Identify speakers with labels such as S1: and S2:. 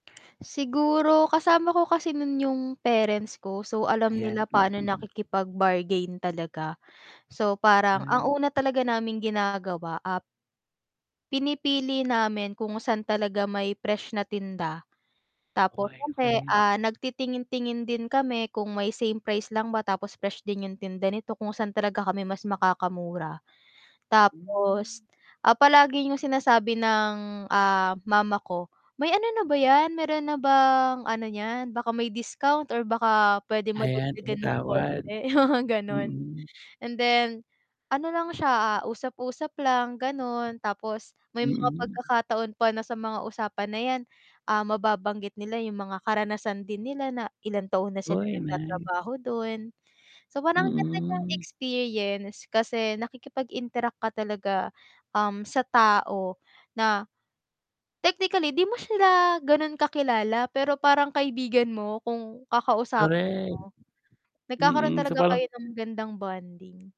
S1: Siguro kasama ko kasi nu'n yung parents ko so, alam nila
S2: Ayan,
S1: pa'no
S2: mm.
S1: nakikipag-bargain talaga. So, parang ang
S2: Ay.
S1: una talaga naming ginagawa ap pinipili namin kung saan talaga may fresh na tinda, tapos
S2: Okey,
S1: siyempre,
S2: okey.
S1: ah, nagtitingin-tingin din kami kung may same price lang ba tapos fresh din yung tinda nito, kung saan talaga kami mas makakamura. Tapos,
S2: Hmm.
S1: ah, palagi yung sinasabi ng, ah, mama ko, "May ano na ba 'yan, meron na bang ano niyan, baka may discount or baka puwede
S2: Ayan,
S1: madagdagan ng
S2: tumatawad.
S1: konti," mga gano'n.
S2: Mm.
S1: And then ano lang siya, usap-usap lang gano'n tapos may mga
S2: Mm.
S1: pagkakataon pa na sa mga usapan na 'yan, ah, mababanggit nila yung mga karanasan din nila na ilang taon na silang
S2: Hoy, nice.
S1: nagtatrabaho dun. So, parang ang ganda niyang
S2: Mm.
S1: experience kasi nakikipag-interact ka talaga, um, sa tao na technically 'di mo sila ganun kakilala, pero parang kaibigan mo kung kakausapin
S2: Korek.
S1: mo. Nagkakaroon
S2: Mm, so
S1: talaga
S2: parang
S1: kayo ng magandang bonding.